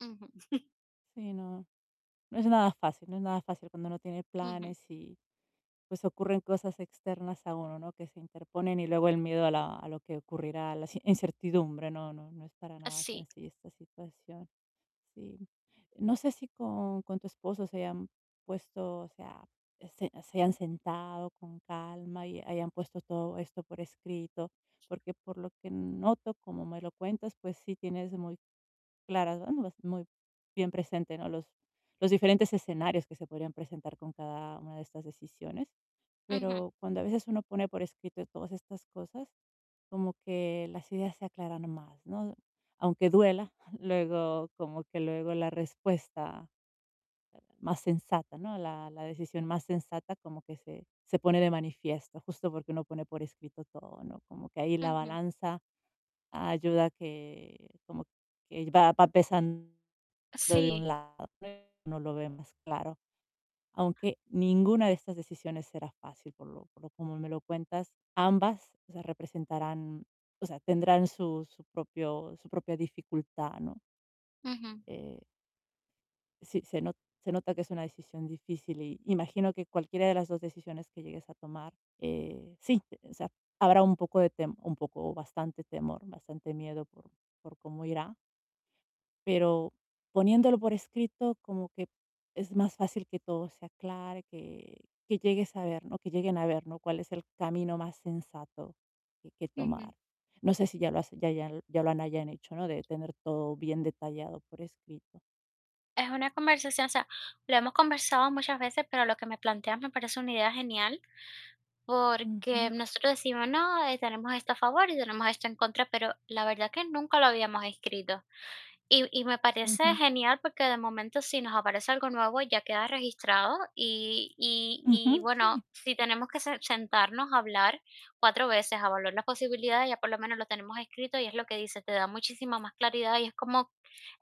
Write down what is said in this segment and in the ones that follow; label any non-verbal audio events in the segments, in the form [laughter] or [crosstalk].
Ujú. [chuckles] Sí, no, no es nada fácil no es nada fácil cuando uno tiene Ujú. planes y pues ocurren cosas externas a uno, ¿no? Que se interponen y luego el miedo a la a lo que ocurrirá, la inci incertidumbre. No no no es para Ah, nada sí. sencilla esta situación. Sí. No sé si con con tu esposo se hayan puesto, o sea, se se hayan sentado con calma y hayan puesto todo esto por escrito, porque por lo que noto, como me lo cuentas, pues sí tienes muy claras, ¿no? Muy bien presente, ¿no? Los los diferentes escenarios que se podrían presentar con cada una de estas decisiones. Ujú. Pero cuando a veces uno pone por escrito todas estas cosas, como que las ideas se aclaran más, ¿no? Aunque duela, luego como que luego la respuesta más sensata, ¿no? La la decisión más sensata como que se se pone de manifiesto justo porque uno pone por escrito todo, ¿no? Como que ahí la Ujú. balanza ayuda a que como que va va pesando de Sí. un lado, uno lo ve más claro. Aunque ninguna de estas decisiones será fácil, por lo por lo como me lo cuentas. Ambas, o sea, representarán, o sea, tendrán su su propio su propia dificultad, ¿no? Ujú. Eh Sí, se no se nota que es una decisión difícil y imagino que cualquiera de las 2 decisiones que llegues a tomar, eh, sí, o sea, habrá un poco de tem un poco o bastante temor, bastante miedo por por cómo irá pero poniéndolo por escrito, como que es más fácil que todo se aclare, que que llegues a ver, ¿no? Que lleguen a ver, ¿no? Cuál es el camino más sensato que que Ujú. tomar. No sé si ya lo has ya ya lo ya lo hayan hecho, ¿no? De tener todo bien detallado por escrito. Es una conversación, o sea, lo hemos conversado muchas veces, pero lo que me planteas me parece una idea genial, porque Ujú. nosotros decimos: "No, tenemos esto a favor y tenemos esto en contra", pero la verdad que nunca lo habíamos escrito. Y y me parece Ujú. genial porque, de momento, si nos aparece algo nuevo, ya queda registrado y y y Ujú, sí. bueno, si tenemos que se-sentarnos a hablar 4 veces a valorar las posibilidades, ya por lo menos lo tenemos escrito y es lo que dices, te da muchísima más claridad y es como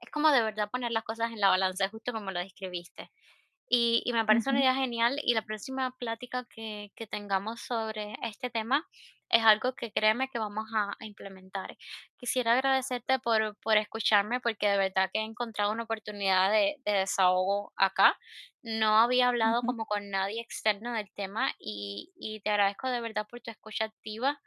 es como de verdad poner las cosas en la balanza, justo como lo describiste. Y y me parece una Ujú. idea genial y la próxima plática que que tengamos sobre este tema es algo que, créeme que vamos a a implementar. Quisiera agradecerte por por escucharme, porque de verdad que he encontrado una oportunidad de de desahogo acá. No había hablado Ujú. como con nadie externo del tema y y te agradezco de verdad por tu escucha activa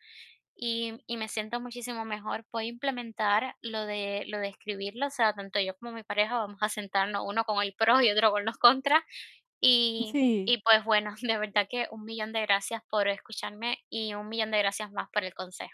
y y me siento muchísimo mejor. Voy a implementar lo de lo de escribirlo, o sea, tanto yo como mi pareja vamos a sentarnos uno con los pros y otro con los contras. Y Sí. y pues bueno, de verdad que 1 millón de gracias por escucharme y 1 millón de gracias más por el consejo